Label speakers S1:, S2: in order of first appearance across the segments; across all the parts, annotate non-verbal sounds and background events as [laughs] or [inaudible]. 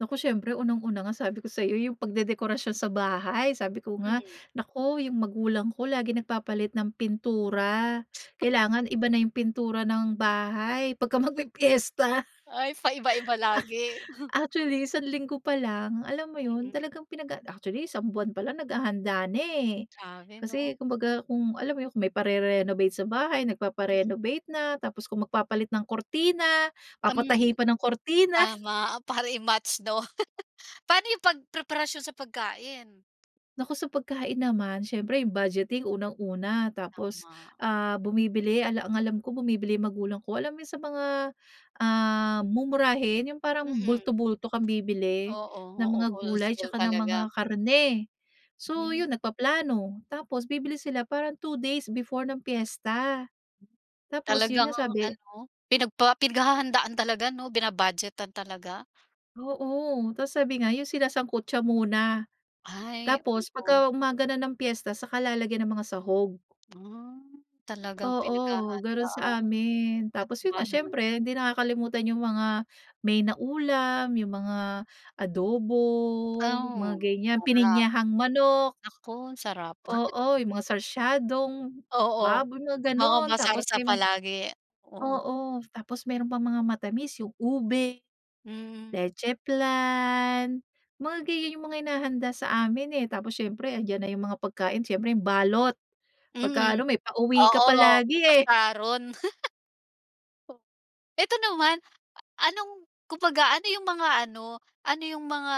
S1: Nako, siyempre unang una nga sabi ko sa’yo yung pagdedekorasyon sa bahay. Sabi ko nga,
S2: Mhm.
S1: “Naku, yung magulang ko laging nagpapalit ng pintura.” Kailangan iba na yung pintura ng bahay pagka magpipiyesta.
S2: Ay, paiba-iba lagi.
S1: [chuckles]
S2: [chuckles]
S1: Actually isang linggo pa lang, alam mo
S2: Mm.
S1: yun talagang pinag ac actually, isang buwan pa lang naghahanda na, eh.
S2: Grabe
S1: Kasi
S2: ‘no.
S1: kumbaga kung alam mo yun, kung may parerenovate sa bahay,
S2: Mhm.
S1: nagpapa-renovate na, tapos kung magpapalit ng kurtina,
S2: Ah, hmm.
S1: papatahi pa ng kurtina. [chuckles]
S2: Tama, para i-match, ‘daw. [chuckles] Paano yung pagpreparasyon sa pagkain?
S1: Nako sa pagkain naman, siyempre yung budgeting unang una, tapos,
S2: Tama.
S1: ah, bumibili ala ang alam ko bumibili magulang ko, alam yung sa mga, ah, mumurahin yung parang
S2: Mm.
S1: bulto-bulto kang bibili
S2: Oo,
S1: ng
S2: oo.
S1: mga gulay
S2: Wholesale
S1: tsaka ng mga
S2: talaga.
S1: karne. So
S2: Mhm.
S1: yun, nagpaplano tapos bibili sila parang 2 days before ng piyesta. Tapos yun
S2: Talagang
S1: nga, sabi
S2: ano, pinagpa pinaghahandaan talaga ‘no, bina-budgetan talaga.
S1: Oo, tapos sabi nga yun sinasangkutya muna.
S2: Ay,
S1: Tapos
S2: oo.
S1: pagka umaga na ng piyesta saka lalagyan ng mga sahog.
S2: Hmm, talagang
S1: Oo, ganun
S2: pinaghahandaan.
S1: saamin. Tapos yun
S2: Katuwa
S1: nga,
S2: naman.
S1: siyempre hindi nakakalimutan yung mga main na ulam, yung mga adobo, mga
S2: Oh,
S1: ganyan,
S2: sarap.
S1: pininyahang manok.
S2: Nako, ang sarap. [chuckles]
S1: Oo, yung mga sarsyadong
S2: Oo, oo.
S1: baboy, mga
S2: Mga
S1: gano’n. Tapos
S2: ma-sarsa
S1: may mga
S2: palagi, oo.
S1: oo, tapos meron pang mga matamis yung ube,
S2: Mm.
S1: leche flan, mga ganiyan yung mga hinahanda saamin eh. Tapos siyempre andiyan na yung mga pagkain, siyempre yung balot. Pagka
S2: Mm.
S1: ano, may pauwi ka
S2: Oo,
S1: palagi,
S2: may
S1: eh.
S2: pa-sharon. [laughs] To ito naman, ah, anong kumbaga ano yung mga ano, ano yung mga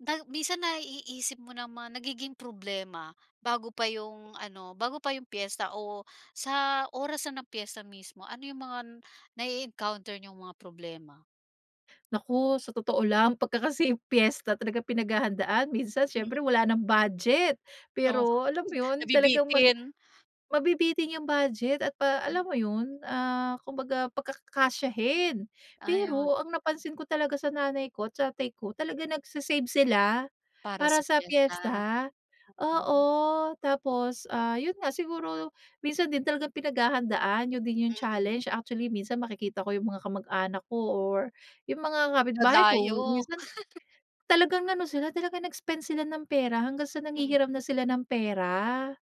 S2: na minsan naiisip mo na mga nagiging problema? Bago pa yung ano, bago pa yung piyesta o sa oras na ng piyesta mismo, ano yung mga nae-encounter niyong mga problema?
S1: Nako sa totoo lang, pagka kasi piyesta talagang pinaghahandaan. Minsan
S2: Hmm.
S1: syempre wala ng budget,
S2: Oh,
S1: pero alam mo yun, talagang mag
S2: nabibitin.
S1: mabibitin yung budget at pa alam mo
S2: [unintelligible]
S1: yun, ah, kumbaga pagkakasyahin
S2: Ayon.
S1: pero ang napansin ko talaga sa nanay ko, tatay ko, talagang nagse-save sila
S2: Para
S1: para
S2: sa
S1: sa
S2: piyesta,
S1: piyesta.
S2: oo.
S1: Oo, tapos, ah, yun nga, siguro minsan din talagang pinaghahandaan, yun din yung
S2: Mm.
S1: challenge. Actually minsan makikita ko yung mga kamag-anak ko or yung mga kapitbahay ko,
S2: Dadayo.
S1: minsan
S2: [laughs]
S1: talagang ano sila talagang nag-spend sila ng pera hanggang sa
S2: Mm.
S1: nanghihiram na sila ng pera.